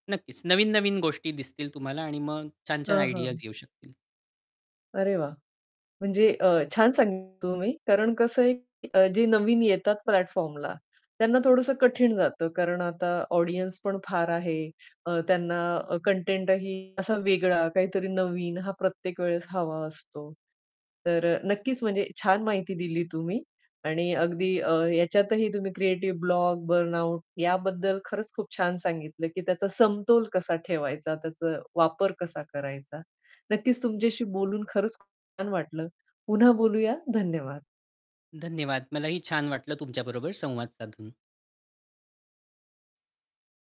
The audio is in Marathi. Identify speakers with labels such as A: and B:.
A: नक्कीच, नवीन-नवीन गोष्टी दिसतील तुम्हाला आणि मग छान-छान
B: हां,
A: आयडियाज
B: हां.
A: घेऊ शकतील.
B: अरे, वा! म्हणजे अ, छान सांगितलं तुम्ही. कारण कसं आहे की जे नवीन येतात प्लॅटफॉर्मला त्यांना थोडंसं कठीण जातं. कारण आता ऑडियन्स पण फार आहे. अ, त्यांना कंटेंटही असा वेगळा, काहीतरी नवीन हा प्रत्येक वेळेस हवा असतो. तर अ, नक्कीच म्हणजे छान माहिती दिली तुम्ही आणि अगदी अ, याच्यातही तुम्ही क्रिएटिव्ह ब्लॉग, बर्नआउट याबद्दल खरंच खूप छान सांगितलं, की त्याचा समतोल कसा ठेवायचा, त्याचा वापर कसा करायचा. नक्कीच तुमच्याशी बोलून खरंच खूप छान वाटलं. पुन्हा बोलूया. धन्यवाद.
A: धन्यवाद मलाही छान वाटलं तुमच्याबरोबर संवाद साधून.